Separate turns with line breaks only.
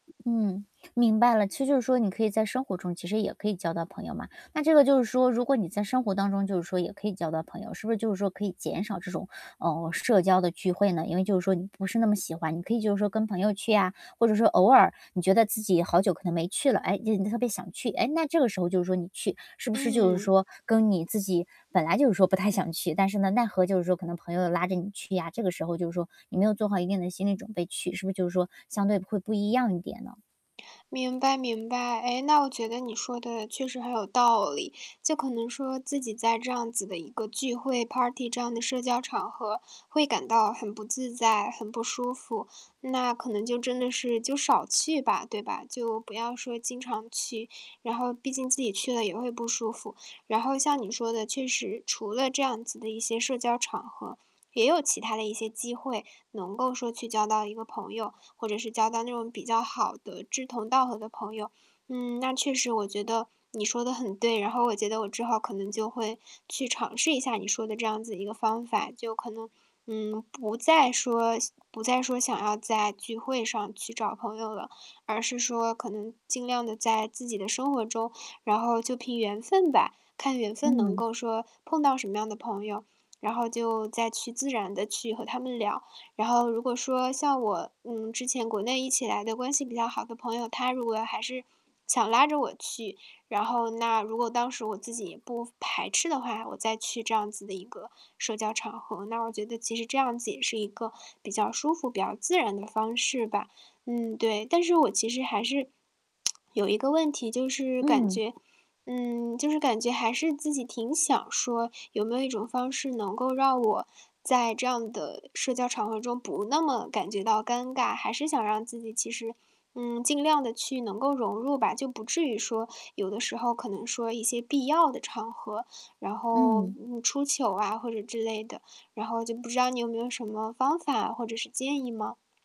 嗯，明白了，其实就是说你可以在生活中，其实也可以交到朋友嘛。那这个就是说如果你在生活当中，就是说也可以交到朋友，是不是就是说可以减少这种，嗯，社交的聚会呢？因为就是说你不是那么喜欢，你可以就是说跟朋友去啊。或者说偶尔，你觉得自己好久可能没去了，诶，今天你特别想去，诶，那这个时候就说你去，是不是就是
嗯。
说，跟你自己本来就是说不太想去，但是呢，奈何就是说可能朋友拉着你去呀，这个时候就是说你没有做好一定的心理准备去，是不是就是说，相对会不一样一点呢？
明白明白。诶，那我觉得你说的确实很有道理，就可能说自己在这样子的一个聚会 party 这样的社交场合会感到很不自在，很不舒服，那可能就真的是，就少去吧，对吧？就不要说经常去，然后毕竟自己去了也会不舒服。然后像你说的，确实，除了这样子的一些社交场合，也有其他的一些机会能够说去交到一个朋友，或者是交到那种比较好的志同道合的朋友。嗯，那确实我觉得你说得很对，然后我觉得我之后可能就会去尝试一下你说的这样子一个方法。就可能，嗯，不再说不再说想要在聚会上去找朋友了，而是说可能尽量地在自己的生活中，然后就凭缘分吧，看缘分能
嗯。
够说碰到什么样的朋友，然后就再去自然地去和他们聊。然后如果说像我，嗯，之前国内一起来的关系比较好的朋友，他如果还是想拉着我去，然后那如果当时我自己也不排斥的话，我再去这样子的一个社交场合，那我觉得其实这样子也是一个比较舒服，比较自然的方式吧。嗯，对，但是我其实还是，有一个问题就是感
嗯。
觉嗯，就是感觉还是自己挺想说，有没有一种方式能够让我在这样的社交场合中不那么感觉到尴尬，还是想让自己其实，嗯，尽量地去能够融入吧。就不至于说，有的时候可能说一些必要的场合，然后，
嗯。
嗯，出糗啊，或者之类的。然后就不知道你有没有什么方法或者是建议吗？